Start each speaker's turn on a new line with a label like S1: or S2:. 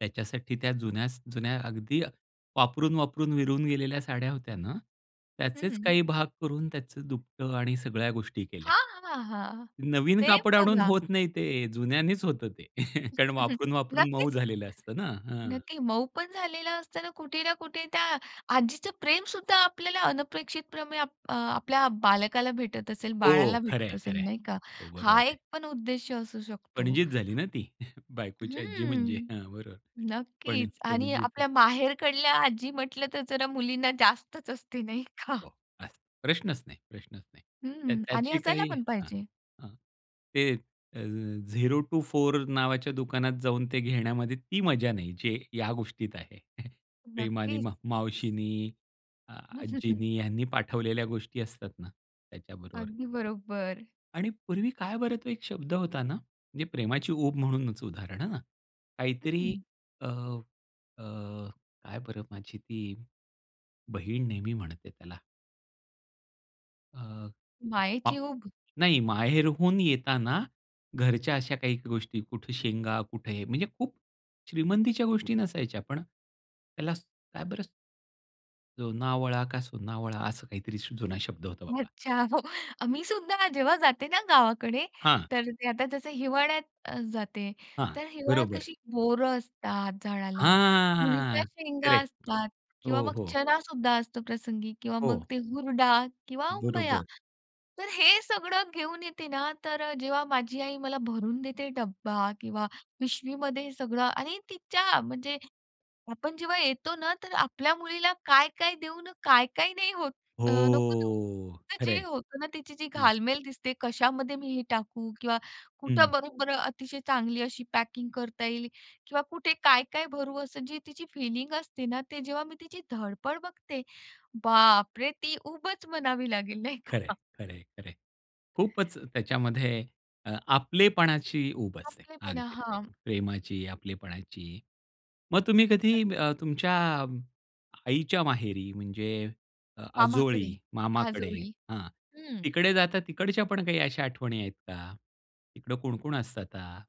S1: त्याच्यासाठी त्या जुन्यास जुन्या अगदी अ, वापरून, वापरून विरून गेलेल्या साड्या होत्या ना, त्याचेच
S2: हं.
S1: काही भाग करून त्याचं दुपटं आणि सगळ्या गोष्टी केल्या.
S2: हां, हां, हां.
S1: नवीन
S2: सेम
S1: कापड आणून
S2: बघा.
S1: होत नाही ते, जुन्यांनीच होतं ते कारण वापरून, वापरून मऊ
S2: नक्कीच,
S1: झालेलं असतं ना. हां.
S2: नक्की. मऊ पण झालेला असतं ना, कुठे ना कुठे त्या आजीचं प्रेम सुद्धा आपल्याला अनपेक्षितपणे अप अ, आपल्या बालकाला भेटत असेल,
S1: हो
S2: बाळाला
S1: खरं
S2: भेटत
S1: आहे, खरं
S2: असेल
S1: आहे.
S2: नाही का?
S1: हो बरोबर
S2: हा
S1: आहे.
S2: एक पण उद्देश्य असू शकतो.
S1: पणजीच झाली ना ती, बायकोची आज्जी म्हणजे.
S2: हम्म.
S1: हां, बरोबर पण
S2: नक्कीच आणि
S1: पणजीचं
S2: आपल्या माहेरकडल्या आजी म्हटलं तर जरा मुलींना जास्तच असते, नाही का?
S1: हो अस प्रश्नच नाही, प्रश्नच नाही. त्या
S2: हं, आणि
S1: त्याची
S2: असायला
S1: काही
S2: पण
S1: अ,
S2: पाहिजे.
S1: अ, ते अ, 0 टु 4 नावाच्या दुकानात जाऊन ते घेण्यामध्ये ती मजा नाही, जे या गोष्टीत आहे. प्रेमाने
S2: नक्कीच.
S1: मा मावशीनी, आजींनी यांनी पाठवलेल्या गोष्टी असतात ना त्याच्याबरोबर.
S2: अगदी बरोबर.
S1: आणि पूर्वी काय बरं तो एक शब्द होता ना, म्हणजे प्रेमाची ऊब म्हणूनच उदाहरण हं, काहीतरी
S2: हं.
S1: अ, अ, काय बरं माझी ती, बहीण नेहमी म्हणते त्याला? अ,
S2: मायेची उब?
S1: नाही माहेरहून येताना, घरच्या अशा काही गोष्टी, कुठे शेंगा, कुठे हे, म्हणजे खूप श्रीमंतीच्या गोष्टी नसायच्या, पण त्याला काय बरं जोनावळा का सोनावळा असं काहीतरीसा जुना शब्द होता बाबा.
S2: अच्छा, हो. मी सुद्धा जेव्हा जाते ना गावाकडे,
S1: हां.
S2: तर ते आता जसं हिवाळ्यात जाते.
S1: हां.
S2: तर हिवाळ्यात
S1: बरोबर.
S2: कशी बोरं असतात झाडाला, तुरीच्या
S1: हां!
S2: शेंगा
S1: करेक्ट.
S2: असतात किंवा
S1: हो,
S2: मग
S1: हो.
S2: चणा सुद्धा असतो प्रसंगी किंवा मग
S1: हो.
S2: ते हुरडा किंवा उंबया.
S1: बरोबर.
S2: तर हे सगळं घेऊन येते ना, तर जेव्हा माझी आई मला भरून देते डब्बा किंवा पिशवीमध्ये हे सगळं आणि तिच्या म्हणजे आपण जेव्हा येतो ना, तर आपल्या मुलीला काय-काय देऊन काय-काय नाही होतं, नको देऊ.
S1: हो! खरं
S2: जे
S1: आहे.
S2: होतं ना तिची
S1: हं.
S2: घालमेल दिसते, कशामध्ये मी हे टाकू किंवा कुठं
S1: हं.
S2: बरोबर अतिशय चांगली अशी पॅकिंग करता येईल किंवा कुठे काय-काय भरू असं जी तिची फिलिंग असते ना, ते जेव्हा मी तिची धडपड बघते. बाप रे! ती उबच म्हणावी लागेल नाही
S1: खरंय,
S2: का?
S1: खरंय, खरंय. खूपच त्याच्यामध्ये अ, आपलेपणाची उब असे
S2: आपलेपणा.
S1: अगदी
S2: हां.
S1: प्रेमाची, आपलेपणाची. मग तुम्ही कधी अ, तुमच्या आईच्या माहेरी, म्हणजे अ, आजोळी,
S2: मामाकडे,
S1: मामाकडे
S2: आजोळी
S1: हां,
S2: हम्म.
S1: तिकडे जाता, तिकडच्या पण काही अशा आठवणी आहेत का? तिकडं कोण-कोण असतं आता?